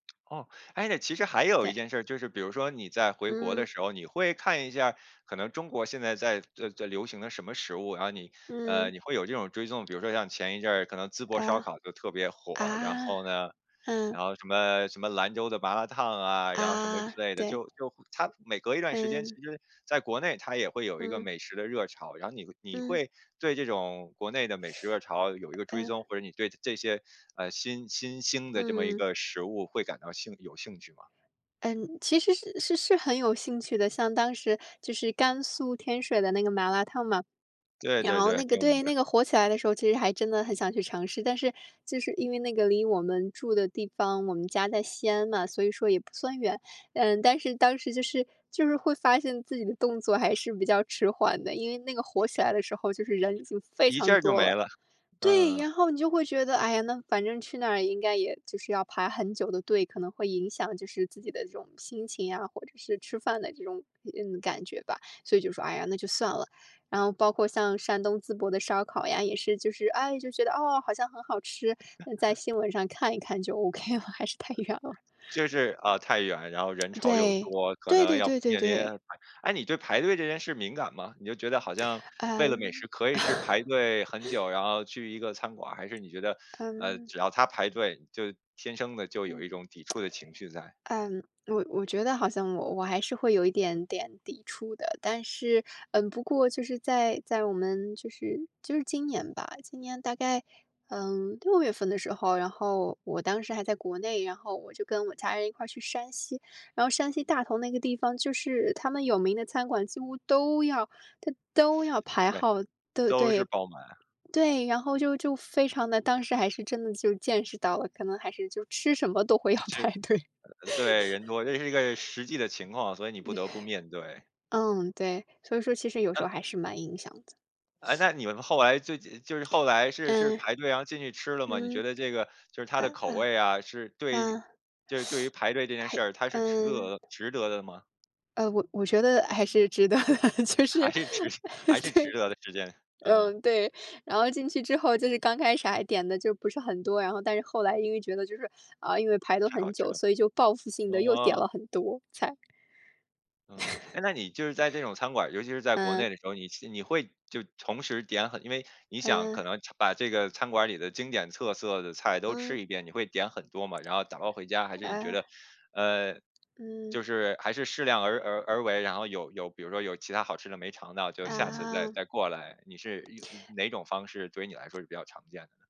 哦，诶，其实还有一对。件事儿，就是比如说你在回国嗯。的时候，你会看一下儿，可能中国现在在在流行的什么食物，然后你，呃，嗯。你会有这种追踪。比如说像前一阵儿可能淄博烧啊。烤就特别啊，火，然后呢，嗯。然后什么什么兰州的麻辣烫啊，然后什么啊，之类的。对。就就它每隔一段时间，其嗯。实在国内它也会有一个嗯。美食的热潮，然后你你嗯。会对这种国内的美食热潮有一个追踪？呃。或者你对这些，呃，新新兴的这么一嗯。个食物会感到兴有兴趣吗？嗯，其实是是是很有兴趣的，像当时就是甘肃天水的那个麻辣烫嘛，对然对后对，那个挺。对，那个火起来的时候其实还真的很想去尝试。但是就是因为那个离我们住的地方，我们家在西安嘛，所以说也不算远，嗯，但是当时就是就是会发现自己的动作还是比较迟缓的，因为那个火起来的时候就是人已经非一下常儿就多没了。了，对，嗯。然后你就会觉得，哎呀，那反正去那儿应该也就是要排很久的队，可能会影响就是自己的这种心情啊，或者是吃饭的这种体验，感觉吧，所以就说，哎呀，那就算了。然后包括像山东淄博的烧烤呀，也是就是哎，就觉得，哦，好像很好吃，在 新闻上看一看就 okay 了，还是太远了。就是啊，太远，然后人 潮又对，多，可对能对要对对面临对。诶，你对排队这件事儿敏感吗？你就觉得好像为了美食嗯。可以是排队很久，然后去一个餐馆儿？还是你觉得，呃，嗯。只要它排队，你就天生地就有嗯。一种抵触的情绪在。嗯，我我觉得好像我我还是会有一点点抵触的，但是，嗯，不过就是在在我们，就是就是今年吧，今年大概，呃，6月份的时候，然后我当时还在国内，然后我就跟我家人一块儿去山西。然后山西大同那个地方，就是它们有名的餐馆几乎都要它都要排对，号，对都是对。爆满。对，然后就就非常的，当时还是真的就见识到了，可能还是就吃什么都会要就是排队。呃，对，人多，这也是一个实际的情况，所以你不得不面对。嗯，对，所以说其实有时候嗯。还是蛮影响的。诶，那你们后来这这就是后来是是嗯。排队，然后进去吃了吗？你觉嗯。得这个，就是它呃，的口味啊，是嗯，对嗯，就是对于排队这件事儿，它 还是值得嗯。的值得的吗？呃，我我觉得还是值得的，就是还哎，是值还是值对，得的时间，嗯嗯。嗯，对，然后进去之后，就是刚开始还点得就不是很多，然后但是后来因为觉得就是，啊，因为排了太好很吃久，了，所以就报复性地又点嗯。了很多菜。嗯，诶，那你就是在这种餐馆儿，尤其是在国嗯。内的时候，你去你会就同时点很因为你想嗯。可能把这个餐馆儿里的经典特色的菜都嗯。吃一遍，你会点很多吗，然后打包回家？还是你觉啊。得，呃，嗯。就是还是适量而而而为，然后有有比如说有其它好吃的没尝到，就下次再啊。再过来？你是哪种方式对于你来说是比较常见的呢？